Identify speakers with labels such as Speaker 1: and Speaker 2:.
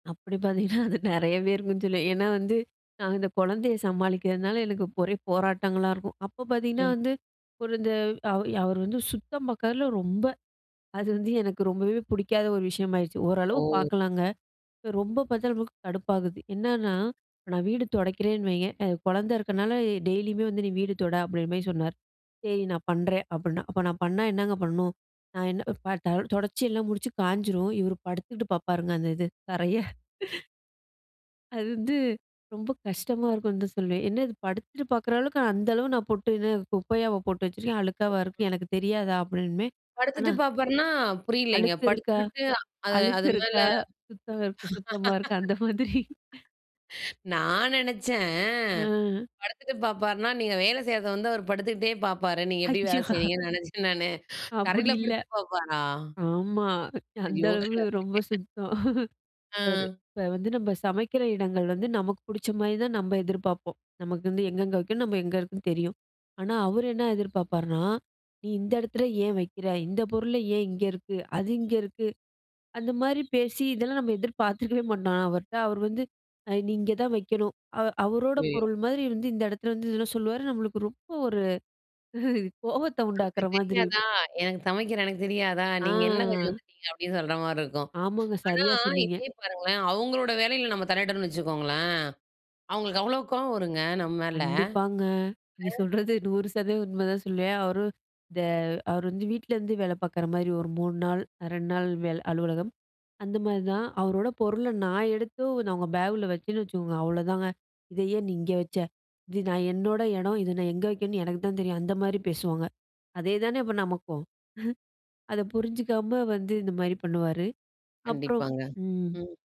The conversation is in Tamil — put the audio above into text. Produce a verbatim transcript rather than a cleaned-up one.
Speaker 1: அப்படி பார்த்தீங்கன்னா அது நிறையவே இருக்கும்னு சொல்வேன். ஏன்னா வந்து நான் இந்த குழந்தையை சமாளிக்கிறதுனால எனக்கு ஒரே போராட்டங்களா இருக்கும். அப்ப பார்த்தீங்கன்னா
Speaker 2: ம்.
Speaker 1: வந்து ஒரு இந்த அவர் அவர் வந்து சுத்தம் பார்க்கறதுல்ல ரொம்ப அது வந்து எனக்கு ரொம்பவே பிடிக்காத ஒரு விஷயமாயிருச்சு. ஓரளவு
Speaker 2: ஓ.
Speaker 1: பார்க்கலாங்க. ரொம்ப பார்த்தா நமக்கு கடுப்பாகுது. என்னன்னா இப்ப நான் வீடு துடைக்கிறேன்னு வைய்ங்க அ குழந்தை இருக்கிறதுனால டெய்லியுமே வந்து நீ வீடு தொட அப்படின்ற மாரி சொன்னார். சரி நான் பண்றேன் அப்படின்னா அப்போ நான் பண்ணா என்னங்க பண்ணணும்? நான் என்ன [unintelligible] தொடைச்சி எல்லாம் முடிச்சு காஞ்சிரும். இவர் படுத்துக்கிட்டு பார்ப்பாருங்க. அந்த இது தரைய. அது வந்து ரொம்ப கஷ்டமா இருக்கும்னு தான் சொல்லுவேன். என்ன இது, படுத்துட்டு பார்க்குற அளவுக்கு அந்த அளவு நான் போட்டு என்ன குப்பையாவா போட்டு வச்சுருக்கேன்? அழுக்காவா இருக்கு? எனக்கு தெரியாதா? அப்படிம்பேன்.
Speaker 2: படுத்துட்டு
Speaker 1: ஆனா
Speaker 2: பார்ப்பார்னா? புரியலைங்க.
Speaker 1: அழுக்கு இருக்கா?
Speaker 2: படுத்துக்கிட்டு அது
Speaker 1: அழுக்கு
Speaker 2: அது மேல?
Speaker 1: இருக்கா? சுத்தம், சுத்தமா இருக்கா? அந்த மாதிரி.
Speaker 2: நான் நினைச்சேன்
Speaker 1: ம்.
Speaker 2: படுத்துட்டு பார்ப்பார்னா, நீங்க வேலை செய்றது வந்து அவரு படுத்துக்கிட்டே பார்ப்பாரு. நீங்க எப்படி வேலை
Speaker 1: அச்சோ.
Speaker 2: செய்றீங்கன்னு நினைச்சேன் நானு.
Speaker 1: அப்படி
Speaker 2: தரையிலே
Speaker 1: இல்ல.
Speaker 2: படுத்துட்டு பாப்பாரா?
Speaker 1: ஆமா. அந்த
Speaker 2: ஐயோ! கட
Speaker 1: அளவு ரொம்ப சுத்தம் அவரு
Speaker 2: அ.
Speaker 1: இப்ப வந்து நம்ம சமைக்கிற இடங்கள் வந்து நமக்கு பிடிச்ச மாரிதான் நம்ம எதிர்பார்ப்போம். நமக்கு வந்து எங்கெங்கே வைக்கணும், நம்ம எங்கே இருக்குன்னு தெரியும். ஆனா அவர் என்ன எதிர்பார்ப்பார்னா, நீ இந்த எடத்துல ஏன் வைக்கிற? இந்த பொருளே ஏன் இங்கே இருக்கு? அது இங்க இருக்கு. அந்த மாரி பேசி இதெல்லாம் நம்ம எதிர்பாத்திருக்கவே மாட்டோம் அவர்ட்ட. அவர் வந்து நீ இங்கே தான் வைக்கணும். அவ அவரோட
Speaker 2: அய்யோயோ.
Speaker 1: பொருள் மாரி வந்து இந்த எடத்துல வந்து இதெல்லாம் சொல்லுவார் நம்மளுக்கு ரொம்ப ஒரு கோவத்தை
Speaker 2: நமக்கு
Speaker 1: உண்டாக்குற மாதிரி
Speaker 2: தெரியாதா?
Speaker 1: இருக்கும்.
Speaker 2: எனக்கு சமைக்கிற எனக்கு தெரியாதா? நீங்க என்ன கொஞ்சம்
Speaker 1: ஆ.
Speaker 2: வந்துட்டீங்க? அப்படின்னு சொல்ற மாரி இருக்கும்.
Speaker 1: ஆமாங்க,
Speaker 2: ஆனா
Speaker 1: சரியா சொன்னீங்க.
Speaker 2: இதே பாருங்களேன், அவங்களோட வேலையில நம்ம தலையிட்றோம்னு வச்சுக்கோங்களேன். அவங்களுக்கு அவ்வளோ கோபம் வரும்ங்க, நம்ம மேல. இல்ல.
Speaker 1: கண்டிப்பாங்க. நீங்க சொல்றது நூறு சதவீதம் உண்மைதான் சொல்லுவேன். அவரு இந்த அவர் வந்து வீட்டிலேருந்து வேலை பார்க்குற மாரி ஒரு மூணு நாள் ரெண்டு நாள் வேலை அலுவலகம். அந்த மாரி தான். அவரோட பொருளை நான் எடுத்து நான் அவங்க பேக்கில வச்சேன்னு வச்சுக்கோங்க, அவ்வளோதாங்க. இதை ஏன் நீ இங்கே வச்ச? இது நான் என்னோட இடம். இதை நான் எங்க வைக்கணும்ன்னு எனக்கு தான் தெரியும். அந்த மாரி பேசுவாங்க. அதேதானே அப்போ நமக்கும்? அதை புரிஞ்சிக்காம வந்து இந்த மாரி பண்ணுவாரு. அப்புறம்
Speaker 2: கண்டிப்பாங்க,
Speaker 1: ம்.
Speaker 2: ம்.